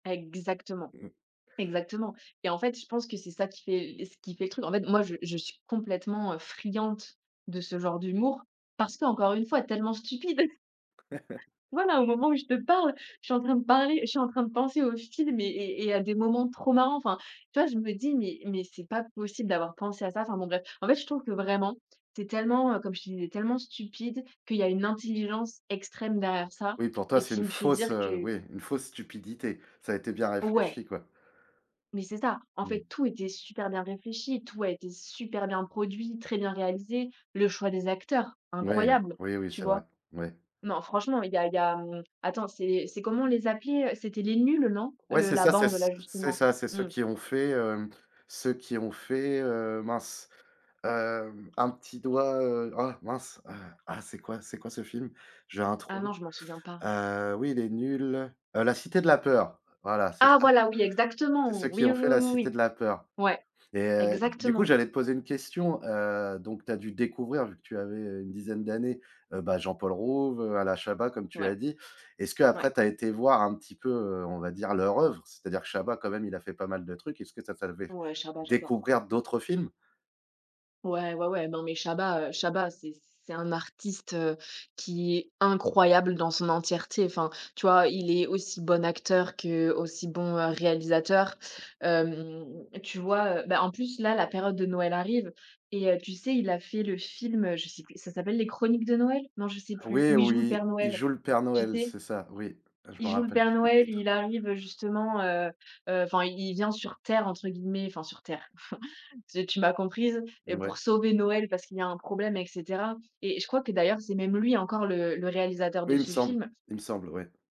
Exactement. Mmh. Exactement. Et en fait je pense que c'est ça qui fait le ce qui fait le truc, en fait, moi je je suis complètement, heu, friande de ce genre d'humour parce qu'encore une fois tellement stupide. Voilà, au moment où je te parle, je suis en train de parler je suis en train de penser au film et et et à des moments trop marrants enfin, tu vois, je me dis: «Mais mais c'est pas possible d'avoir pensé à ça», enfin bon, bref. En fait, je trouve que vraiment c'est tellement, heu, comme je te disais, tellement stupide qu'il y a une intelligence extrême derrière ça Oui pour toi, et c'est qui une me fait dire fausse, heu, que oui, une fausse stupidité, ça a été bien Ouais. réfléchi, quoi. Mais c'est ça, en Mmh. fait, tout était super bien réfléchi, tout a été super bien produit, très bien réalisé, le choix des acteurs Moui, incroyable, oui, oui, tu c'est vrai, vois? ouais. Non franchement, il y a il y a attends c'est, c'est comment on les appelait, c'était Les Nuls, non? Ouais, Le c'est la ça, c'est bande c là, c'est justement. ça, c'est ceux Mmh. qui ont fait, hem, ceux qui ont fait, heu, mince, hem, un petit doigt, heu, ah mince, ah, ah, c'est quoi c'est quoi ce film? J'ai un Ah non, trou, je m'en souviens pas. heu, oui, Les Nuls, heu, la Cité de la peur, voilà, c'est Ah ça. voilà, oui, exactement, C'est ceux qui oui, ont oui, fait oui, la oui, Cité oui. de la peur. Ouais, Et heu, du coup, exactement. j'allais te poser une question, heu, donc tu as dû découvrir vu que tu avais, heu, une dizaine d'années, heu, bah, Jean-Paul Rouve, heu, Alain Chabat comme tu Ouais. as dit, est-ce Ouais. qu'après tu as été voir un petit peu, heu, on va dire leur œuvre? C'est-à-dire que Chabat quand même il a fait pas mal de trucs, est-ce que ça t'a fait Ouais, Chabat j'adore. découvrir Mmh. d'autres films? Ouais, ouais, ouais, non, mais Chabat, heu, Chabat c'est c'est un artiste, heu, qui est incroyable dans son entièreté, enfin tu vois, il est aussi bon acteur qu'aussi bon, heu, réalisateur, hem, tu vois, heu, ben, en plus, là, la période de Noël arrive et heu, tu sais, il a fait le film, heu, je sais plus, ça s'appelle les Chroniques de Noël? Non je sais plus, Oui, où il où joue le il Père il Noël. joue le Père Tu Noël, sais? c'est ça, oui, je Il m'en joue le rappelle Père plus du Noël, titre. il arrive, justement, heu, heu, enfin, «il vient sur terre», entre guillemets, enfin sur terre, ze tu m'as comprise et pour Ouais. sauver Noël parce qu'il y a un problème et cetera et et je crois que d'ailleurs c'est même lui encore le le réalisateur Oui, de il me ce semble, film. il me semble, ouais.